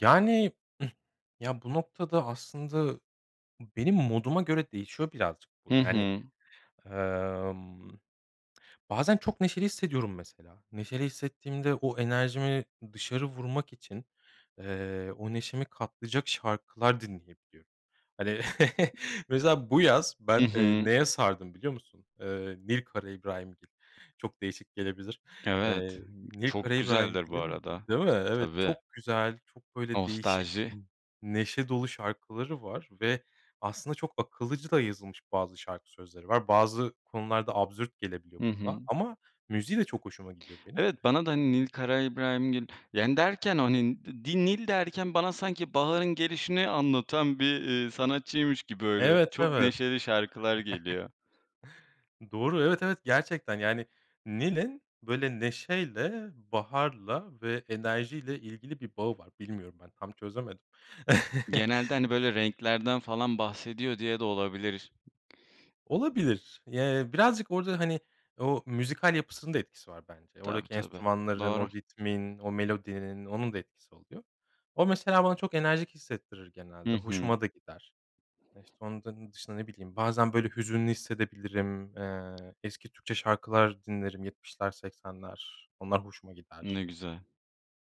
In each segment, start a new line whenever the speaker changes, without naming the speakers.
Yani, ıh, ya bu noktada aslında benim moduma göre değişiyor birazcık bu,
Hı
yani.
hı.
Emm, bazen çok neşeli hissediyorum mesela. Neşeli hissettiğimde o enerjimi dışarı vurmak için, eee, o neşemi katlayacak şarkılar dinleyebiliyorum. Hani, mesela bu yaz
Hı
ben, eee,
hı.
neye sardım biliyor musun? Eee, Nil Karaibrahimgil. Çok değişik gelebilir.
Evet,
Eee, Nil
çok güzeldir bu
Karaibrahimgil'in
arada.
Değil mi? Evet,
Tabii.
çok güzel, çok böyle değişik,
Nostalji.
n neşe dolu şarkıları var ve aslında çok akıllıcı da yazılmış bazı şarkı sözleri var. Bazı konularda absürt gelebiliyor
Hı
kulağa
hı.
ama müziği de çok hoşuma gidiyor benim.
Evet bana da Nil Karaibrahimgil, yani derken hani [unintelligible] Nil derken, bana sanki baharın gelişini anlatan bir, iii, sanatçıymış gibi. Öyle
Evet,
çok
evet.
neşeli şarkılar geliyor.
Doğru, evet, evet gerçekten yani, Nil'in böyle neşeyle, baharla ve enerjiyle ilgili bir bağı var. Bilmiyorum, ben tam çözemedim.
Genelde, hani böyle renklerden falan bahsediyor diye de olabilir.
Olabilir y eee, birazcık orada, hani o müzikal yapısının da etkisi var bence.
Tabii
Oradaki
tabii,
enstrümanların,
doğru.
o ritmin, o melodinin; onun da etkisi oluyor. O, mesela bana çok enerjik hissettirir
Hı
genelde.
hı.
Hoşuma da gider. E, işte onların dışında, ne bileyim, bazen böyle hüzünlü hissedebilirim. Eee, eski Türkçe şarkılar dinlerim; yetmişler, seksenler, onlar hoşuma gider.
Ne güzel.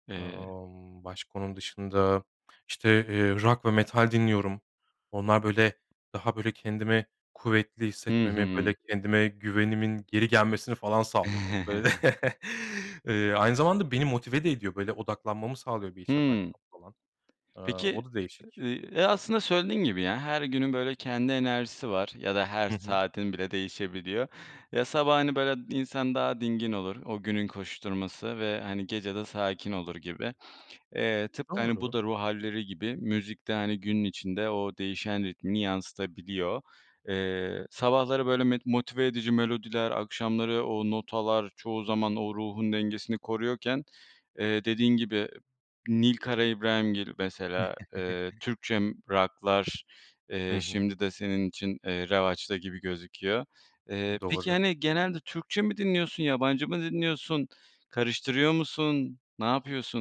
Eee
Imm, başka onun dışında işte, eee, rock ve metal dinliyorum. Onlar böyle daha böyle kendimi kuvvetli
Hı
hissetmemi,
hı.
böyle kendime güvenimin geri gelmesini falan sağlıyor. Böyle, eee, aynı zamanda beni motive de ediyor. Böyle, odaklanmamı sağlıyor, bir iş yaparken
Hıı.
falan. Eee,
Peki,
o da değişik.
eee, e, aslında söylediğin gibi ya, her günün böyle kendi enerjisi var ya da her
Hı hı.
saatin bile değişebiliyor. Ya, sabah, hani, böyle, insan daha dingin olur; o günün koşuşturması ve, hani, gece de sakin olur gibi. Eee, tıpkı hani bu
Doğru.
da ruh hâlleri gibi; müzik de hani günün içinde o değişen ritmini yansıtabiliyor. Eee sabahları böyle me motive edici melodiler, akşamları o notalar çoğu zaman o ruhun dengesini koruyorken, eee, dediğin gibi Nil Karaibrahimgil mesela, eee, Türkçe rock'lar, eee,
Hı hı.
şimdi de senin için eee, revaçta gibi gözüküyor. Eee, peki,
Doğru.
hani genelde Türkçe mi dinliyorsun, yabancı mı dinliyorsun, karıştırıyor musun, ne yapıyorsun?